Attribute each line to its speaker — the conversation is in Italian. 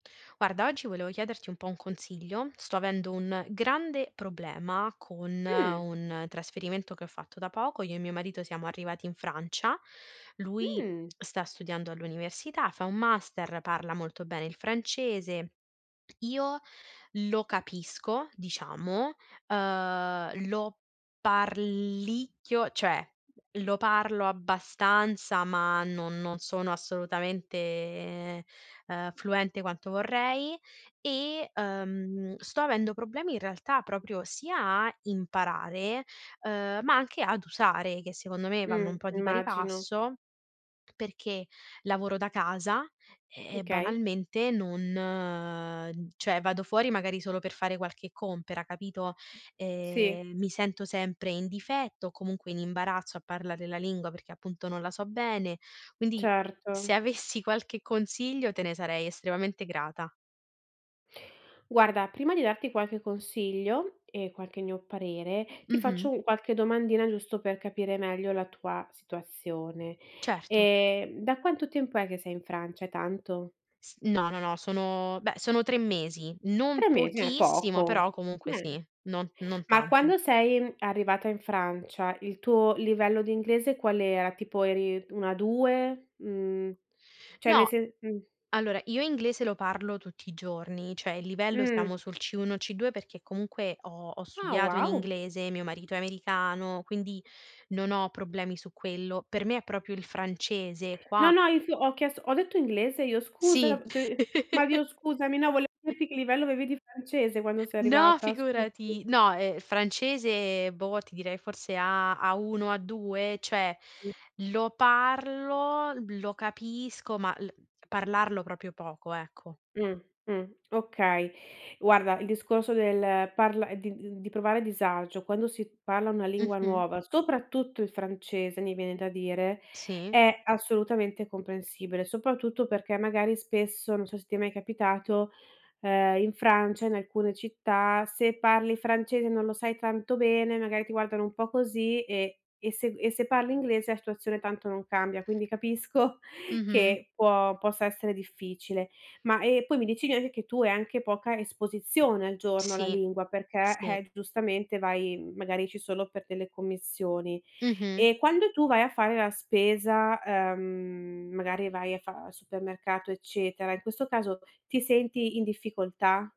Speaker 1: Guarda, oggi volevo chiederti un po' un consiglio. Sto avendo un grande problema con
Speaker 2: Mh.
Speaker 1: un trasferimento che ho fatto da poco. Io e mio marito siamo arrivati in Francia, lui
Speaker 2: Mh.
Speaker 1: sta studiando all'università, fa un master, parla molto bene il francese. Io lo capisco, diciamo, uhm, lo parlicchio, cioè, lo parlo abbastanza, ma no non sono assolutamente, ehm, fluente quanto vorrei e, uhm, sto avendo problemi, in realtà, proprio sia a imparare, uhm, ma anche ad usare, che secondo me vanno un
Speaker 2: Mh.
Speaker 1: po' di pari
Speaker 2: Immagino.
Speaker 1: passo, perché lavoro da casa
Speaker 2: Mh,
Speaker 1: e
Speaker 2: okay.
Speaker 1: banalmente non cioè vado fuori magari solo per fare qualche compera, capito?
Speaker 2: Sì.
Speaker 1: Ehm, mi sento sempre in difetto o comunque in imbarazzo a parlare la lingua, perché appunto non la so bene. Quindi se
Speaker 2: Certo.
Speaker 1: avessi qualche consiglio, te ne sarei estremamente grata.
Speaker 2: Guarda, prima di darti qualche consiglio e qualche mio parere, ti faccio
Speaker 1: Mh-mh.
Speaker 2: un qualche domandina giusto per capire meglio la tua situazione.
Speaker 1: Certo.
Speaker 2: Ehm, da quanto tempo è che sei in Francia, è tanto?
Speaker 1: S no, no, no, sono beh, sono 3 mesi. Non
Speaker 2: 3 mesi, eh,
Speaker 1: pochissimo, però
Speaker 2: poco.
Speaker 1: comunque
Speaker 2: Bene.
Speaker 1: sì, non non
Speaker 2: Ma
Speaker 1: tanto.
Speaker 2: quando sei arrivata in Francia il tuo livello di inglese qual era? Tipo eri un A2? Mhmm, cioè nel
Speaker 1: No,
Speaker 2: se mh.
Speaker 1: allora io inglese lo parlo tutti i giorni, cioè il livello
Speaker 2: Mh.
Speaker 1: stiamo sul C1, C2, perché comunque ho ho
Speaker 2: Ah
Speaker 1: studiato in
Speaker 2: wow!
Speaker 1: inglese, mio marito è americano, quindi non ho problemi su quello. Per me è proprio il francese
Speaker 2: No,
Speaker 1: qua
Speaker 2: no, inf ho chiesto ho detto inglese io? Scusa
Speaker 1: Sì.
Speaker 2: t ma Dio scusami, no, vole dirti che livello avevi di francese quando sei
Speaker 1: No
Speaker 2: arrivata, scu [unintelligible]
Speaker 1: figurati, no, ehm, francese, boh, ti direi forse A A1, A2, cioè
Speaker 2: Mh.
Speaker 1: lo parlo, lo capisco, ma l parlarlo proprio poco, ecco.
Speaker 2: Mh, mh. Okay. Guarda, il discorso del parla di d di provare disagio quando si parla una lingua
Speaker 1: Mh-mh.
Speaker 2: nuova, soprattutto il francese mi viene da dire,
Speaker 1: Sì.
Speaker 2: è assolutamente comprensibile, soprattutto perché magari spesso, non so se ti è mai capitato, uhm, in Francia, in alcune città, se parli francese e non lo sai tanto bene, magari ti guardano un po' così e e se g e se parli inglese la situazione tanto non cambia, quindi capisco
Speaker 1: Mh-mh.
Speaker 2: che può possa essere difficile. Ma, ehm, poi mi dici [unintelligible] che tu hai anche poca esposizione al giorno alla
Speaker 1: Sì,
Speaker 2: lingua, perché,
Speaker 1: sì.
Speaker 2: eh g giustamente vai, magari esci solo per delle commissioni.
Speaker 1: Mh-mh.
Speaker 2: E quando tu vai a fare la spesa, ehm, magari vai a fa al supermercato, eccetera, in questo caso ti senti in difficoltà?